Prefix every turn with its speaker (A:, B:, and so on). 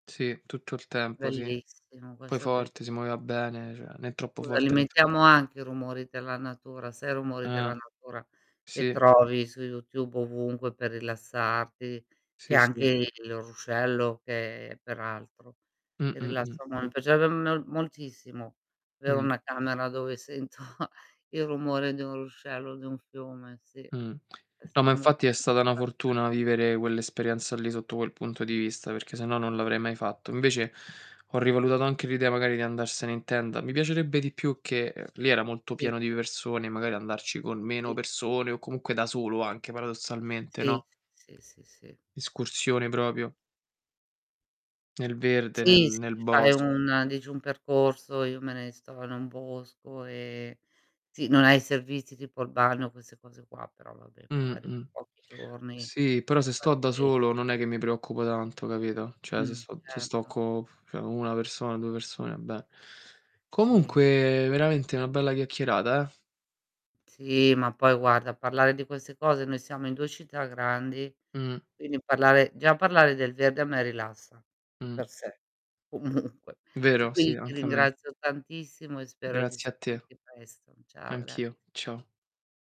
A: Sì, tutto il tempo, sì.
B: Bellissimo,
A: Poi
B: questo è belliss
A: forte, si muoveva bene, cioè né troppo
B: Scusa, li
A: forte né troppo
B: imitiamo anche i rumori della natura, sai, i rumori della
A: Eh.
B: natura, che
A: Sì.
B: trovi YouTube, ovunque per rilassarti, che
A: Sì,
B: anche
A: sì.
B: il ruscello, che peraltro.
A: Mh,
B: E
A: mh, mh.
B: rilassa mon mi piacerebbe mel moltissimo, avere
A: Mh.
B: 1 camera dove sento il rumore di un ruscello o di un fiume, sì.
A: Mh. No, ma
B: Essere molto
A: infatti, è stata una
B: [unintelligible]
A: fortuna vivere quell'esperienza lì, sotto quel punto di vista, perché se no non l'avrei mai fatto. Invece, ho rivalutato anche l'idea, magari, di andarsene in tenda; mi piacerebbe di più che uhm, lì era molto
B: I
A: pieno di persone, e magari andarci con meno
B: I
A: persone, o comunque da solo anche paradossalmente,
B: Sì,
A: no?
B: sì, sì, sì, sì.
A: Escursione proprio nel verde, nel
B: Sì, se
A: nel
B: ti fai
A: bosco.
B: un dici un percorso io me ne sto in un bosco e sì, non hai i servizi tipo il bagno, queste cose qua, però, vabbè,
A: Mh,
B: magari
A: mh.
B: pochi giorni,
A: Sì, però se sto
B: par
A: da
B: 10
A: solo non è che mi preoccupo tanto, capito, cioè se
B: Mh,
A: sto se sto
B: certo.
A: co cioè, co' 1 persona, 2 persone, va bene.
B: Sì?
A: Comunque, veramente na' bella chiacchierata, eh?
B: Sì, ma poi guarda, parlare di queste cose noi siamo in 2 città grandi,
A: Mh.
B: quindi parlare già parlare del verde, a me rilassa, di
A: Mh.
B: per sé, comunque ti
A: Vero?
B: quindi
A: Sì,
B: ti
A: anche a me.
B: ringrazio tantissimo e spero di
A: Grazie a te.
B: sentirti presto. Ciao, grazie.
A: Anch'io. Ciao.